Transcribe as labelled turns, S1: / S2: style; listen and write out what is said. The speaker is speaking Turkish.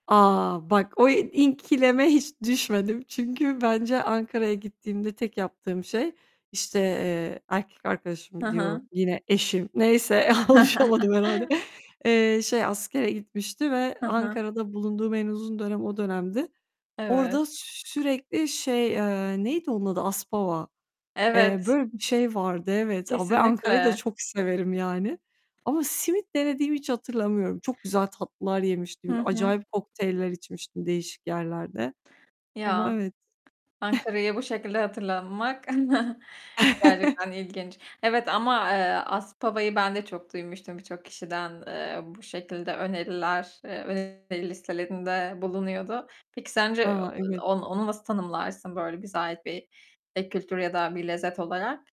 S1: A! Bak o ikileme hiç düşmedim. Çünkü bence Ankara'ya gittiğimde tek yaptığım şey, işte, eee, erkek
S2: Hı
S1: arkadaşım
S2: hı.
S1: diyorum, yine eşim, neyse alışamadım herhâlde, eee, şey askere gitmişti ve
S2: Hı hı.
S1: Ankara'da bulunduğum en uzun dönem o dönemdi.
S2: Evet.
S1: Orada sürekli şey, eee, neydi onun adı? Aspava, eee,
S2: Evet.
S1: böyle bir şey vardı evet, ve Ankara'yı da
S2: Kesinlikle.
S1: çok severim yani ama, simit denediğimi hiç hatırlamıyorum. Çok güzel tatlılar yemiştim.
S2: Hı hı.
S1: Acayip kokteyller içmiştim değişik yerlerde ama
S2: Ya.
S1: evet.
S2: Ankara'yı bu şekilde hatırlamak gerçekten ilginç. Evet, ama, eee, Aspava'yı ben de çok duymuştum birçok kişiden. Eee, bu şekilde öneriler, eee, [unintelligible] listelerinde bulunuyordu. Peki sence
S1: Ha, evet.
S2: o onu nasıl tanımlarsın böyle bize ait bir ek kültür ya da bir lezzet olarak?